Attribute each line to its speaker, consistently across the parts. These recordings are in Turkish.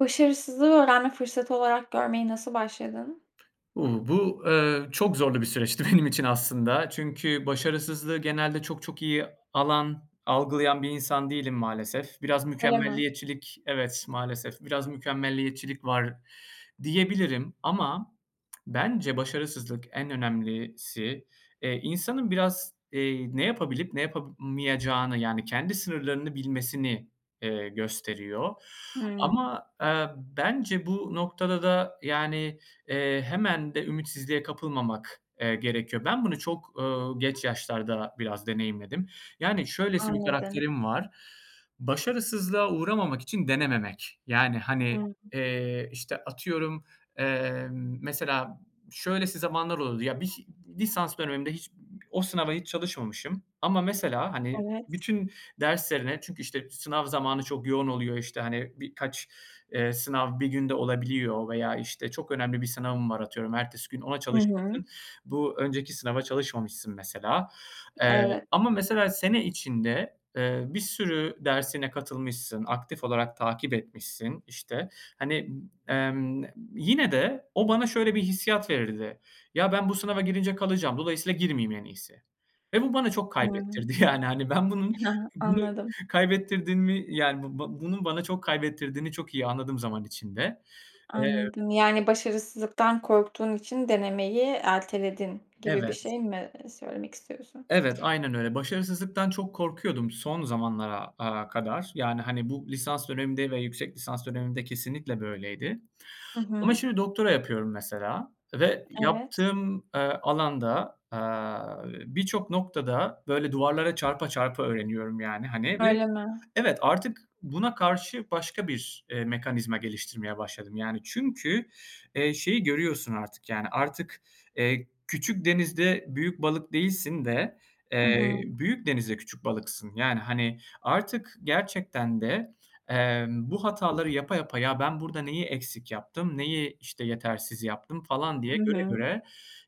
Speaker 1: Başarısızlığı öğrenme fırsatı olarak görmeye nasıl başladın?
Speaker 2: Uuu, bu, eee, çok zorlu bir süreçti benim için aslında çünkü başarısızlığı genelde çok çok iyi alan, algılayan bir insan değilim maalesef. Biraz
Speaker 1: Öyle mi?
Speaker 2: mükemmeliyetçilik Evet, maalesef, biraz mükemmeliyetçilik var diyebilirim. Ama bence başarısızlık, en önemlisi, eee, insanın biraz, eee, ne yapabilip ne yapamayacağını yani kendi sınırlarını bilmesini, eee, gösteriyor.
Speaker 1: Hımm.
Speaker 2: Ama, eee, bence bu noktada da, yani, eee, hemen de ümitsizliğe kapılmamak, eee, gerekiyor. Ben bunu çok, ııı, geç yaşlarda biraz deneyimledim. Yani, şöylesi bir
Speaker 1: Anladım.
Speaker 2: karakterim var, başarısızlığa uğramamak için denememek. Yani,
Speaker 1: Hı
Speaker 2: hani,
Speaker 1: hı.
Speaker 2: eee, işte, atıyorum, emm, mesela şöylesi zamanlar oluyordu. Ya, bişi lisans dönemimde hiç o sınava hiç çalışmamışım ama mesela, hani,
Speaker 1: Evet.
Speaker 2: bütün derslerine çünkü, işte, sınav zamanı çok yoğun oluyor, işte, hani, birkaç, eee, sınav bir günde olabiliyor veya, işte, çok önemli bir sınavım var, atıyorum ertesi gün ona
Speaker 1: Hı hı.
Speaker 2: çalışmışsın, bu önceki sınava çalışmamışsın mesela. Eee,
Speaker 1: Evet.
Speaker 2: ama mesela sene içinde, eee, bir sürü dersine katılmışsın, aktif olarak takip etmişsin, işte. Hani, emm, yine de o bana şöyle bir hissiyat verirdi, "Ya, ben bu sınava girince kalacağım, dolayısıyla girmeyeyim en iyisi." Ve bu bana çok
Speaker 1: Hımm.
Speaker 2: kaybettirdi yani, hani, ben bunun
Speaker 1: Ha ha.
Speaker 2: [unintelligible]
Speaker 1: Anladım.
Speaker 2: kaybettirdin mi yani bu ba bunun bana çok kaybettirdiğini çok iyi anladım zaman içinde. Eee
Speaker 1: Anladım. Yani, başarısızlıktan korktuğun için denemeyi erteledin gibi bir
Speaker 2: Evet.
Speaker 1: şey mi, eee, söylemek istiyorsun?
Speaker 2: Evet, aynen öyle. Başarısızlıktan çok korkuyordum son zamanlara, aaa, kadar. Yani, hani, bu lisans dönemimde ve yüksek lisans dönemimde kesinlikle böyleydi.
Speaker 1: Hı
Speaker 2: Ama
Speaker 1: hı.
Speaker 2: şimdi doktora yapıyorum mesela ve
Speaker 1: Evet.
Speaker 2: yaptığım, eee, alanda, aaa, birçok noktada böyle duvarlara çarpa çarpa öğreniyorum, yani, hani, ve
Speaker 1: Öyle mi?
Speaker 2: Evet, artık buna karşı başka bir, eee, mekanizma geliştirmeye başladım, yani. Çünkü, eee, şeyi görüyorsun artık, yani, artık, eee, küçük denizde büyük balık değilsin de,
Speaker 1: Hı
Speaker 2: eee,
Speaker 1: hı.
Speaker 2: büyük denizde küçük balıksın. Yani, hani, artık gerçekten de, emm, bu hataları yapa yapa, "Ya, ben burada neyi eksik yaptım, neyi, işte, yetersiz yaptım?" falan diye
Speaker 1: Hı
Speaker 2: göre
Speaker 1: hı.
Speaker 2: göre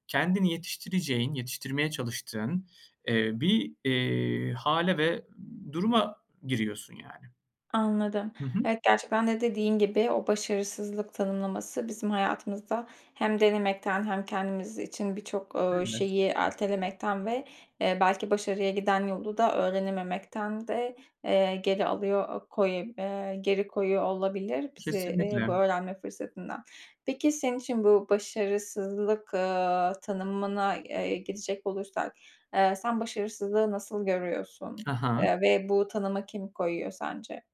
Speaker 2: kendini yetiştireceğin yetiştirmeye çalıştığın, eee, bir, eee, hâle ve duruma giriyorsun, yani.
Speaker 1: Anladım.
Speaker 2: Hı hı.
Speaker 1: Evet, gerçekten de dediğin gibi o başarısızlık tanımlaması bizim hayatımızda hem denemekten hem kendimiz için birçok, ııı,
Speaker 2: [unintelligible]
Speaker 1: şeyi ertelemekten ve, eee, belki başarıya giden yolu da öğrenememekten de, eee, geri alıyor, eee koye eee, geri koyuyor olabilir bizi, eee,
Speaker 2: Kesinlikle.
Speaker 1: bu öğrenme fırsatından. Peki senin için bu başarısızlık, aaa, tanımına, eee, geçecek olursak, eee, sen başarısızlığı nasıl görüyorsun,
Speaker 2: Ha ha.
Speaker 1: eee, ve bu tanıma kim koyuyor sence?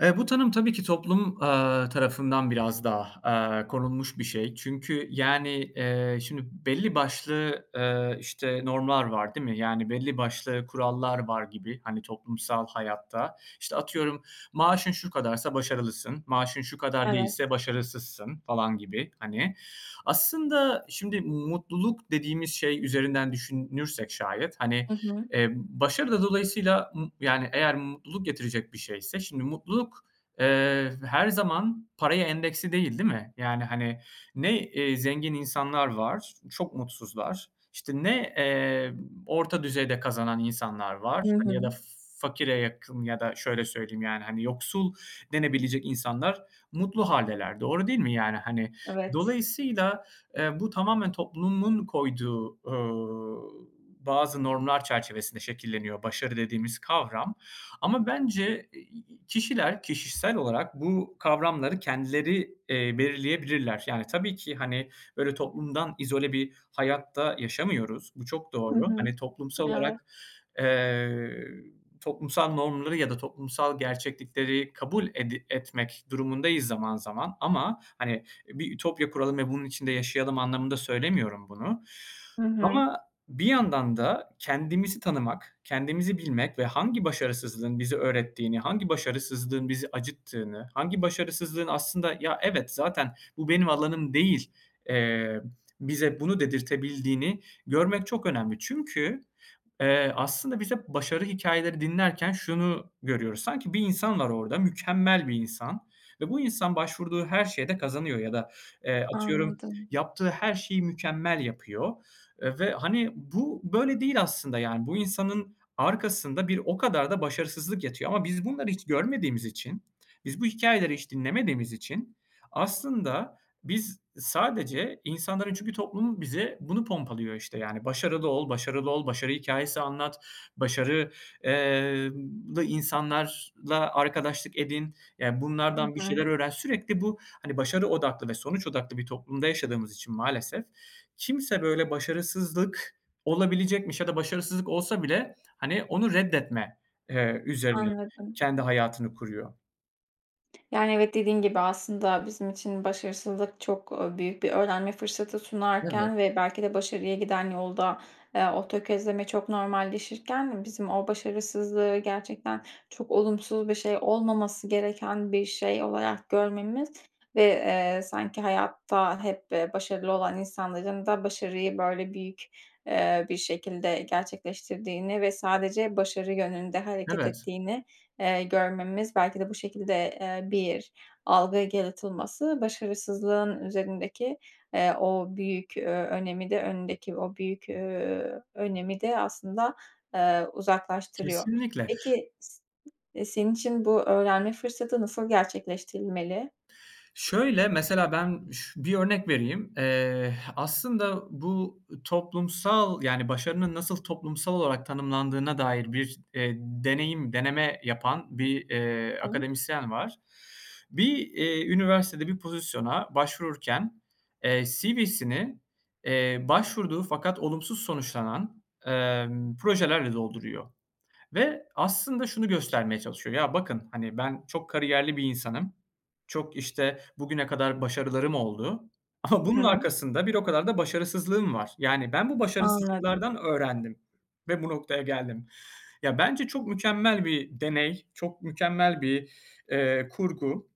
Speaker 2: Eee, bu tanım tabii ki toplum, aaa, tarafından biraz daha, aaa, konulmuş bir şey. Çünkü yani, eee, şimdi belli başlı, eee, işte normlar var, değil mi? Yani belli başlı kurallar var gibi, hani, toplumsal hayatta. İşte, atıyorum, maaşın şu kadarsa başarılısın, maaşın şu kadar
Speaker 1: Evet.
Speaker 2: değilse başarısızsın falan gibi hani. Aslında şimdi mutluluk dediğimiz şey üzerinden düşünürsek şayet hani,
Speaker 1: Hı hı.
Speaker 2: eee, başarı da dolayısıyla m yani eğer mutluluk getirecek bir şeyse, şimdi mutluluk, eee, her zaman paraya endeksli değil, değil mi? Yani hani ne, eee, zengin insanlar var, çok mutsuzlar, işte ne, eee, orta düzeyde kazanan insanlar var,
Speaker 1: Hı
Speaker 2: hani ya da
Speaker 1: hı.
Speaker 2: fakire yakın ya da şöyle söyleyeyim yani hani yoksul denebilecek insanlar mutlu hâldeler, doğru değil mi yani, hani.
Speaker 1: Evet.
Speaker 2: Dolayısıyla, eee, bu tamamen toplumun koyduğu, ııı, bazı normlar çerçevesinde şekilleniyor başarı dediğimiz kavram. Ama bence i i i kişiler, kişisel olarak bu kavramları kendileri, eee, belirleyebilirler. Yani tabii ki hani, böyle toplumdan izole bir hayatta yaşamıyoruz, bu çok
Speaker 1: Hı
Speaker 2: doğru.
Speaker 1: hı.
Speaker 2: Hani toplumsal
Speaker 1: Evet.
Speaker 2: olarak, eee, toplumsal normları ya da toplumsal gerçeklikleri kabul edi etmek durumundayız zaman zaman ama hani bir ütopya kuralım ve bunun içinde yaşayalım anlamında söylemiyorum bunu.
Speaker 1: Hı hı.
Speaker 2: Ama bir yandan da kendimizi tanımak, kendimizi bilmek ve hangi başarısızlığın bize öğrettiğini, hangi başarısızlığın bizi acıttığını, hangi başarısızlığın aslında ya evet, zaten bu benim alanım değil, eee, bize bunu dedirtebildiğini görmek çok önemli. Çünkü, eee, aslında biz hep başarı hikâyeleri dinlerken şunu görüyoruz. Sanki bir insan var orada, mükemmel bir insan ve bu insan başvurduğu her şeyde kazanıyor ya da, eee, atıyorum,
Speaker 1: Anladım.
Speaker 2: yaptığı her şeyi mükemmel yapıyor, eee, ve hani bu böyle değil aslında yani. Bu insanın arkasında bir o kadar da başarısızlık yatıyor ama biz bunları hiç görmediğimiz için, biz bu hikâyeleri hiç dinlemediğimiz için aslında biz sadece insanların çünkü toplum bize bunu pompalıyor işte, yani. Başarılı ol, başarılı ol, başarı hikâyesi anlat, başarı, eee, lı insanlarla arkadaşlık edin, ya
Speaker 1: Hı
Speaker 2: bunlardan bir
Speaker 1: hı.
Speaker 2: şeyler öğren. Sürekli bu, hani başarı odaklı ve sonuç odaklı bir toplumda yaşadığımız için maalesef, kimse böyle başarısızlık olabilecekmiş ya da başarısızlık olsa bile, hani, onu reddetme, eee, üzerine
Speaker 1: Anladım.
Speaker 2: kendi hayatını kuruyor.
Speaker 1: Yani, evet dediğin gibi, aslında bizim için başarısızlık, çok, ııı, büyük bir öğrenme fırsatı
Speaker 2: Evet.
Speaker 1: sunarken ve belki de başarıya giden yolda, ııı, o tökezleme çok normalleşirken bizim o başarısızlığı gerçekten çok olumsuz bir şey, olmaması gereken bir şey olarak görmemiz ve, ııı, sanki hayatta hep başarılı olan insanların da başarıyı, böyle, büyük, ııı, bir şekilde gerçekleştirdiğini ve sadece başarı yönünde hareket
Speaker 2: Evet.
Speaker 1: ettiğini, eee, görmemiz, belki de bu şekilde, ııı, bir algı yaratılması, başarısızlığın üzerindeki, ııı, o büyük, ııı, önemi de, önündeki o büyük, ııı, önemi de aslında, ııı, uzaklaştırıyor.
Speaker 2: Kesinlikle.
Speaker 1: Peki, s e senin için bu öğrenme fırsatı nasıl gerçekleştirilmeli?
Speaker 2: Şöyle, mesela ben ş bir örnek vereyim: Eee, h aslında bu toplumsal, yani, başarının nasıl toplumsal olarak tanımlandığına dair bir e deneyim deneme yapan bir, eee,
Speaker 1: [unintelligible]
Speaker 2: akademisyen var. Bir, eee, üniversitede bir pozisyona başvururken, eee, CV'sini, eee, başvurduğu fakat olumsuz sonuçlanan, emm, projelerle dolduruyor ve aslında şunu göstermeye çalışıyor. Ya, bakın, hani, ben çok kariyerli bir insanım, çok, işte, bugüne kadar başarılarım oldu ama
Speaker 1: Hı
Speaker 2: bunun
Speaker 1: hı.
Speaker 2: arkasında bir o kadar da başarısızlığım var. Yani ben bu
Speaker 1: Anladım.
Speaker 2: başarısızlıklardan öğrendim ve bu noktaya geldim. Ya, bence çok mükemmel bir deney, çok mükemmel bir, ııı, kurgu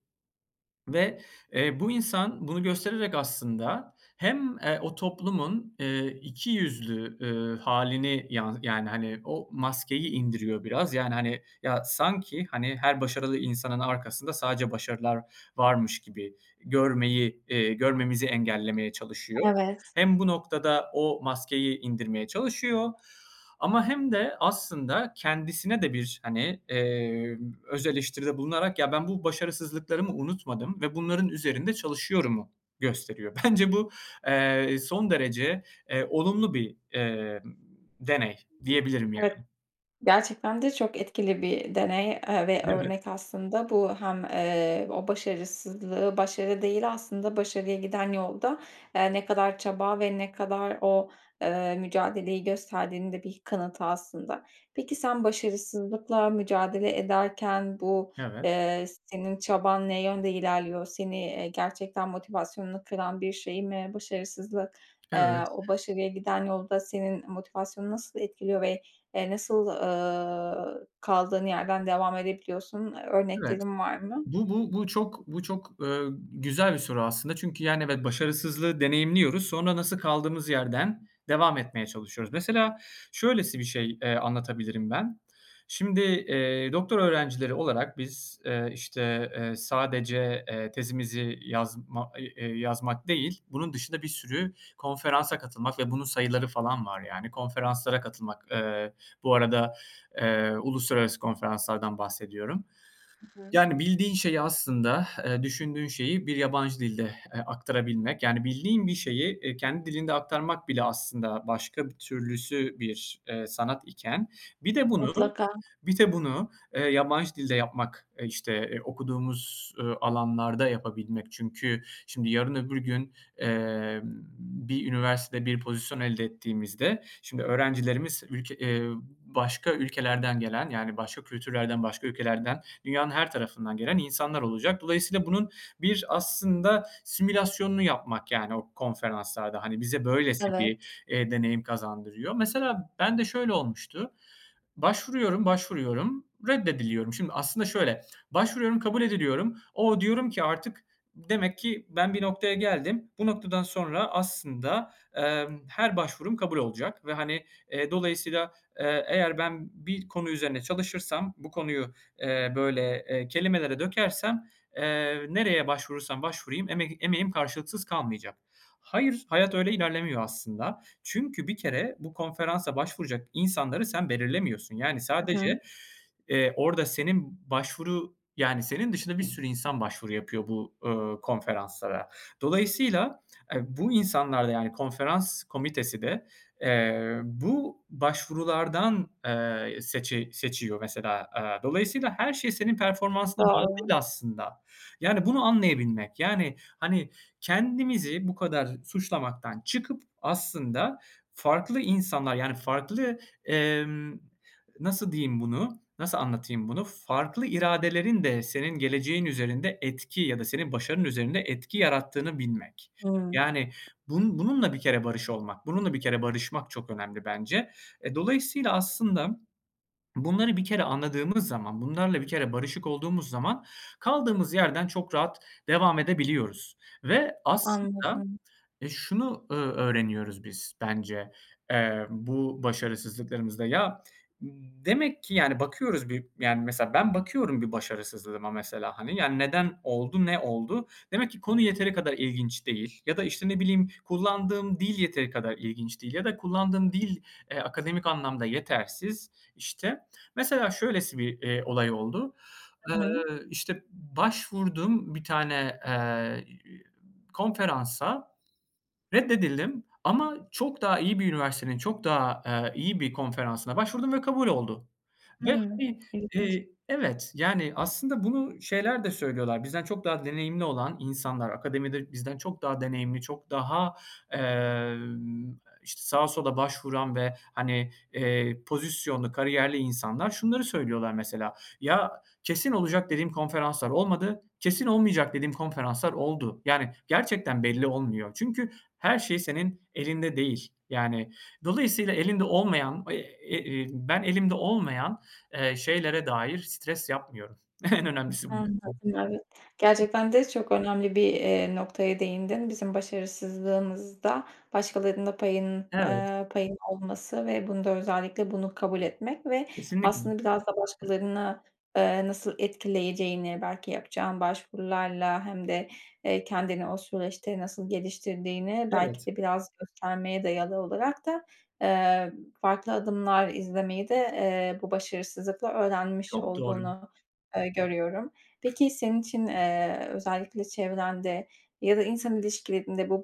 Speaker 2: ve, eee, bu insan bunu göstererek aslında hem, eee, o toplumun, ııı, iki yüzlü, ııı, hâlini yan yani, hani, o maskeyi indiriyor biraz. Yani, hani, ya, sanki, hani, her başarılı insanın arkasında sadece başarılar varmış gibi görmeyi, ııı, görmemizi engellemeye çalışıyor.
Speaker 1: Evet.
Speaker 2: Hem bu noktada o maskeyi indirmeye çalışıyor ama hem de aslında kendisine de bir, hani, eee, öz eleştiride bulunarak "Ya, ben bu başarısızlıklarımı unutmadım ve bunların üzerinde çalışıyorum."u gösteriyor. Bence bu, eee, son derece, eee, olumlu bir, eee, deney, diyebilirim
Speaker 1: Evet,
Speaker 2: yani.
Speaker 1: gerçekten de çok etkili bir deney, ııı, ve
Speaker 2: Evet.
Speaker 1: örnek aslında. Bu hem, ııı, o başarısızlığı başarı değil aslında, başarıya giden yolda, ııı, ne kadar çaba ve ne kadar o, ııı, mücadeleyi gösterdiğinin de bir kanıtı aslında. Peki sen başarısızlıkla mücadele ederken bu,
Speaker 2: Evet.
Speaker 1: ııı, senin çaban ne yönde ilerliyor? Seni, eee, gerçekten motivasyonunu kıran bir şey mi başarısızlık? Iıı,
Speaker 2: Evet.
Speaker 1: o başarıya giden yolda senin motivasyonunu nasıl etkiliyor ve, ııı, nasıl, ııı, kaldığın yerden devam edebiliyorsun?
Speaker 2: Evet.
Speaker 1: Örneklerin var mı?
Speaker 2: Bu bu bu çok bu çok, ııı, güzel bir soru aslında. Çünkü, yani, evet, başarısızlığı deneyimliyoruz. Sonra nasıl kaldığımız yerden devam etmeye çalışıyoruz. Mesela şöylesi bir şey, eee, anlatabilirim ben: Şimdi, eee, doktora öğrencileri olarak biz, eee, işte, eee, sadece, eee, tezimizi yazma, i e yazmak değil, bunun dışında bir sürü konferansa katılmak ve bunun sayıları falan var yani, konferanslara katılmak. Iıı, bu arada, ııı, uluslararası konferanslardan bahsediyorum.
Speaker 1: Hı hı.
Speaker 2: Yani, bildiğin şeyi aslında ı düşündüğün şeyi bir yabancı dilde ı aktarabilmek. Yani, bildiğin bir şeyi kendi dilinde aktarmak bile aslında başka bir türlüsü bir, ııı, sanat iken bir de bunu
Speaker 1: Mutlaka.
Speaker 2: bir de bunu, ııı, yabancı dilde yapmak, işte okuduğumuz, ııı, alanlarda yapabilmek. Çünkü şimdi yarın, öbür gün, eee, bir üniversitede bir pozisyon elde ettiğimizde, şimdi, öğrencilerimiz ülke, ııı, başka ülkelerden gelen, yani, başka kültürlerden, başka ülkelerden, dünyanın her tarafından gelen insanlar olacak. Dolayısıyla bunun bir aslında simülasyonunu yapmak yani o konferanslarda. Hani, bize böylesi
Speaker 1: Evet.
Speaker 2: bir, ııı, deneyim kazandırıyor. Mesela ben de şöyle olmuştu: Başvuruyorum, başvuruyorum, reddediliyorum. Şimdi, aslında şöyle; başvuruyorum, kabul ediliyorum. "O!", diyorum ki artık "Demek ki ben bir noktaya geldim, bu noktadan sonra aslında, emm, her başvurum kabul olacak." ve, hani, ııı, dolayısıyla, ııı, "Eğer ben bir konu üzerine çalışırsam, bu konuyu, eee, böyle, eee, kelimelere dökersem, eee, nereye başvurursam başvurayım emek emeğim karşılıksız kalmayacak." Hayır, hayat öyle ilerlemiyor aslında. Çünkü bir kere bu konferansa başvuracak insanları sen belirlemiyorsun. Yani
Speaker 1: Hı hı.
Speaker 2: sadece, eee, orada senin başvuru yani senin dışında bir sürü insan başvuru yapıyor bu, ııı, konferanslara. Dolayısıyla, eee, bu insanlar da yani, konferans komitesi de, eee, bu başvurulardan, eee, seçi seçiyor mesela. Iıı, dolayısıyla her şey senin performansına göre
Speaker 1: Doğru.
Speaker 2: değil aslında. Yani bunu anlayabilmek. Yani, hani, kendimizi bu kadar suçlamaktan çıkıp aslında farklı insanlar, yani farklı, emm, nasıl diyeyim bunu? Nasıl anlatayım bunu? Farklı iradelerin de senin geleceğin üzerinde etki ya da senin başarının üzerinde etki yarattığını bilmek.
Speaker 1: Hıı.
Speaker 2: Yani bunun bununla bir kere barış olmak, bununla bir kere barışmak çok önemli bence. E, dolayısıyla aslında bunları bir kere anladığımız zaman, bunlarla bir kere barışık olduğumuz zaman kaldığımız yerden çok rahat devam edebiliyoruz ve aslında,
Speaker 1: Anladım.
Speaker 2: ııı, şunu, ııı, öğreniyoruz biz bence, emm, bu başarısızlıklarımızda: Ya, demek ki yani, bakıyoruz bir, yani, mesela, ben bakıyorum bir başarısızlığıma mesela, hani, yani, "Neden oldu, ne oldu?" Demek ki konu yeteri kadar ilginç değil ya da, işte, ne bileyim, kullandığım dil yeteri kadar ilginç değil. Ya da kullandığım dil, ııı, akademik anlamda yetersiz işte. Mesela şöylesi bir, eee, olay oldu:
Speaker 1: Hı hı.
Speaker 2: Iıı, işte, başvurdum bir tane, ııı, konferansa, reddedildim ama çok daha iyi bir üniversitenin, çok daha, ııı, iyi bir konferansına başvurdum ve kabul oldu ve,
Speaker 1: Evet,
Speaker 2: hani,
Speaker 1: ilginç.
Speaker 2: ııı, evet, yani, aslında bunu şeyler de söylüyorlar, bizden çok daha deneyimli olan insanlar, akademide bizden çok daha deneyimli, çok daha, ııı, işte, sağa sola başvuran ve, hani, ııı, pozisyonlu, kariyerli insanlar şunları söylüyorlar mesela: "Ya, kesin olacak dediğim konferanslar olmadı, kesin olmayacak dediğim konferanslar oldu." Yani gerçekten belli olmuyor çünkü her şey senin elinde değil. Yani, dolayısıyla elinde olmayan, e iii, ben elimde olmayan, ııı, şeylere dair stres yapmıyorum. En önemlisi bu.
Speaker 1: Anladım, evet. Gerçekten de çok önemli bir, ııı, noktaya değindin. Bizim başarısızlığımızda başkalarının da payının,
Speaker 2: Evet.
Speaker 1: ııı, payının olması ve bunu da özellikle bunu kabul etmek ve
Speaker 2: Kesinlikle.
Speaker 1: aslında biraz da başkalarına, ııı, nasıl etkileyeceğini, belki yapacağın başvurularla hem de, ııı, kendini o süreçte nasıl geliştirdiğini, belki
Speaker 2: Evet.
Speaker 1: de biraz göstermeye dayalı olarak da, ııı, farklı adımlar izlemeyi de, ııı, bu başarısızlıkla öğrenmiş
Speaker 2: Çok doğru.
Speaker 1: olduğunu ı görüyorum. Peki senin için, ııı, özellikle çevrende ya da insan ilişkilerinde bu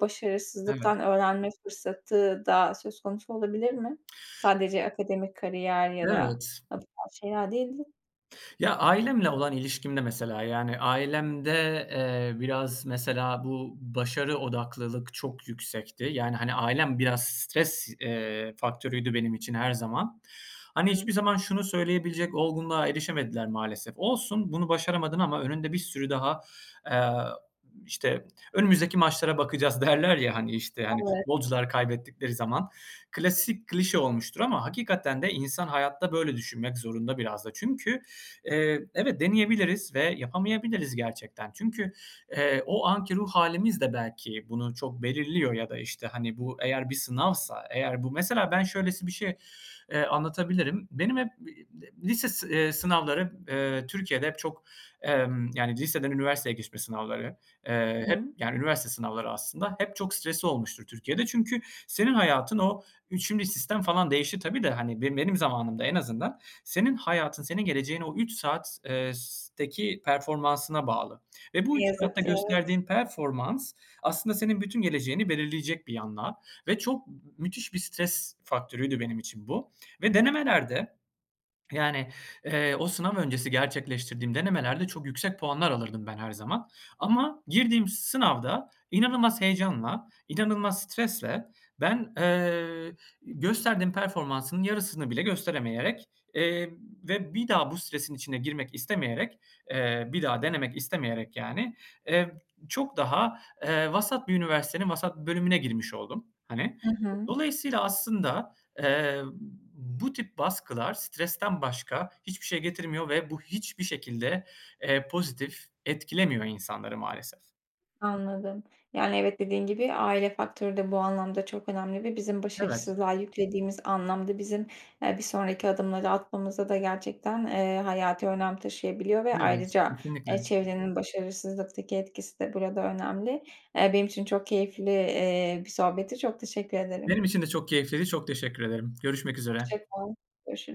Speaker 2: Evet.
Speaker 1: başarısızlıktan öğrenme fırsatı da söz konusu olabilir mi? Sadece akademik kariyer ya da
Speaker 2: Evet.
Speaker 1: bu tarz şeyler değil de?
Speaker 2: Ya, ailemle olan ilişkimde mesela, yani, ailemde, eee, biraz mesela bu, başarı odaklılık çok yüksekti. Yani, hani, ailem biraz stres, eee, faktörüydü benim için her zaman. Hani, hiçbir
Speaker 1: [unintelligible]
Speaker 2: zaman şunu söyleyebilecek olgunluğa erişemediler maalesef; "Olsun, bunu başaramadın ama önünde bir sürü daha" eee, işte, önümüzdeki maçlara bakacağız, derler ya, hani, işte, hani,
Speaker 1: Evet.
Speaker 2: futbolcular kaybettikleri zaman. Klasik, klişe olmuştur ama hakikaten de insan hayatta böyle düşünmek zorunda biraz da. Çünkü, eee, evet, deneyebiliriz ve yapamayabiliriz gerçekten. Çünkü, eee, o anki ruh hâlimiz de belki bunu çok belirliyor ya da, işte, hani, bu eğer bir sınavsa eğer bu Mesela ben, şöylesi bir şey, eee, anlatabilirim. Benim hep bi de lise, eee, sınavları, eee, Türkiye'de hep çok, emm, yani, liseden üniversiteye geçme sınavları, eee, hep,
Speaker 1: Hıı.
Speaker 2: yani, üniversite sınavları aslında, hep çok stresli olmuştur Türkiye'de çünkü senin hayatın o 3'üncü sistem falan değişir tabii de, hani, be benim zamanımda en azından senin hayatın, senin geleceğin o 3 saat eee, s teki performansına bağlı ve bu 3
Speaker 1: Yazı,
Speaker 2: saatte
Speaker 1: kâğıt.
Speaker 2: gösterdiğin performans, aslında senin bütün geleceğini belirleyecek bir yandan ve çok m müthiş bir stres faktörüydü benim için bu. Ve denemelerde, yani, eee, o sınav öncesi gerçekleştirdiğim denemelerde çok yüksek puanlar alırdım ben her zaman ama girdiğim sınavda inanılmaz heyecanla, inanılmaz stresle ben, eee, gösterdiğim performansın yarısını bile gösteremeyerek, eee, ve bir daha bu stresin içine girmek istemeyerek, ııı, bir daha denemek istemeyerek, yani, ııı, çok daha, eee, vasat bir üniversitenin vasat bir bölümüne girmiş oldum, hani.
Speaker 1: Hı
Speaker 2: E,
Speaker 1: hı.
Speaker 2: dolayısıyla aslında, eee, bu tip baskılar, stresten başka hiçbir şey getirmiyor ve bu hiçbir şekilde, eee, pozitif etkilemiyor insanları maalesef.
Speaker 1: Anladım. Yani, evet dediğin gibi aile faktörü de bu anlamda çok önemli ve bizim
Speaker 2: Evet.
Speaker 1: başarısızlığa yüklediğimiz anlam da bizim, eee, bir sonraki adımları atmamızda da gerçekten, eee, hayati önem taşıyabiliyor ve
Speaker 2: Evet,
Speaker 1: ayrıca,
Speaker 2: kesinlikle.
Speaker 1: eee, çevrenin başarısızlıktaki etkisi de burada önemli. Eee, benim için çok keyifli, eee, bir sohbetti, çok teşekkür ederim.
Speaker 2: Benim için de çok keyifliydi, çok teşekkür ederim. Görüşmek üzere.
Speaker 1: Hoşça kal, görüşürüz.